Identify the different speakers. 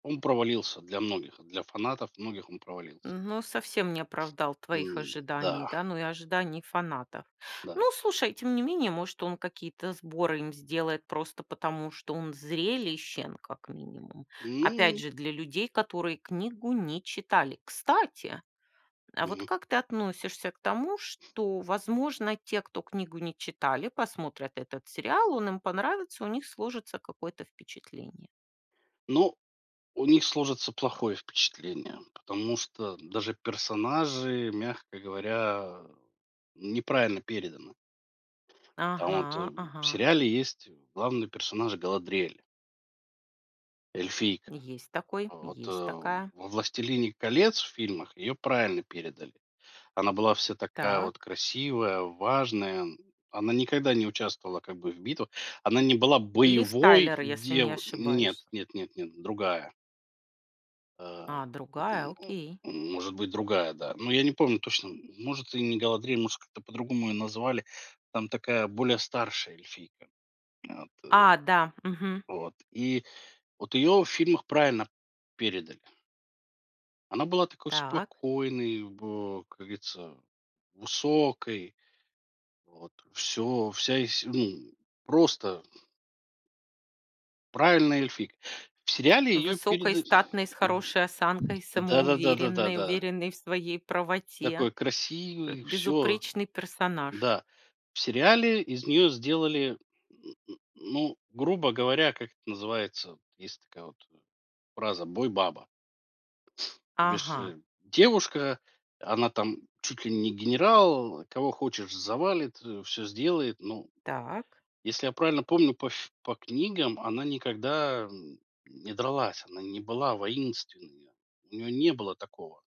Speaker 1: Он провалился для многих, а для фанатов многих он провалился.
Speaker 2: Но совсем не оправдал твоих
Speaker 1: М,
Speaker 2: ожиданий,
Speaker 1: да.
Speaker 2: да, ну и ожиданий фанатов. Ну
Speaker 1: Да.
Speaker 2: слушай, тем не менее, может, он какие-то сборы им сделает просто потому, что он зрелищен как минимум. Опять
Speaker 1: М.
Speaker 2: же, для людей, которые книгу не читали. Кстати! А вот
Speaker 1: Мгм.
Speaker 2: как ты относишься к тому, что, возможно, те, кто книгу не читали, посмотрят этот сериал, он им понравится, у них сложится какое-то впечатление?
Speaker 1: Но у них сложится плохое впечатление, потому что даже персонажи, мягко говоря, неправильно переданы. Там вот, э,
Speaker 2: Ага,
Speaker 1: в
Speaker 2: ага.
Speaker 1: сериале есть, э, главный персонаж Галадриэль эльфийка.
Speaker 2: Есть такой,
Speaker 1: Вот, э,
Speaker 2: есть такая.
Speaker 1: во властелине колец в фильмах ее правильно передали. Она была вся такая вот
Speaker 2: Так.
Speaker 1: красивая, важная. Она никогда не участвовала как бы в битвах. Она не была
Speaker 2: Лив
Speaker 1: боевой
Speaker 2: Тайлер, если не
Speaker 1: дев нет,
Speaker 2: ошибаюсь.
Speaker 1: нет нет нет, другая. А,
Speaker 2: А, другая,
Speaker 1: н у
Speaker 2: окей.
Speaker 1: ну, может быть, другая, да. Но я не помню точно, может, и не Галадриэль, может, как-то по-другому ее назвали. Там такая более старшая эльфийка. Вот и
Speaker 2: А, да, мгм.
Speaker 1: Вот. И вот ее в фильмах правильно передали. Она была такой
Speaker 2: Так.
Speaker 1: спокойной бо как говорится, высокой. Вот. Всё, вся из се м, просто правильная эльфийка. В сериале ее
Speaker 2: Высокой,
Speaker 1: переда
Speaker 2: статной, с хорошей осанкой,
Speaker 1: Да да да да да
Speaker 2: самоуверенной,
Speaker 1: да.
Speaker 2: уверенной в своей правоте.
Speaker 1: Такой
Speaker 2: П
Speaker 1: красивый, всё.
Speaker 2: безупречный персонаж.
Speaker 1: Да. В сериале из нее сделали, м, м, ну, грубо говоря, как это называется, есть такая вот, э, фраза: бой-баба. Без
Speaker 2: Ага.
Speaker 1: ше девушка, она там чуть ли не генерал, кого хочешь завалит, а, всё сделает, ну
Speaker 2: Так.
Speaker 1: Если я правильно помню по фи по книгам, она никогда, м, м, не дралась, она не была воинственная, у нее не было такого.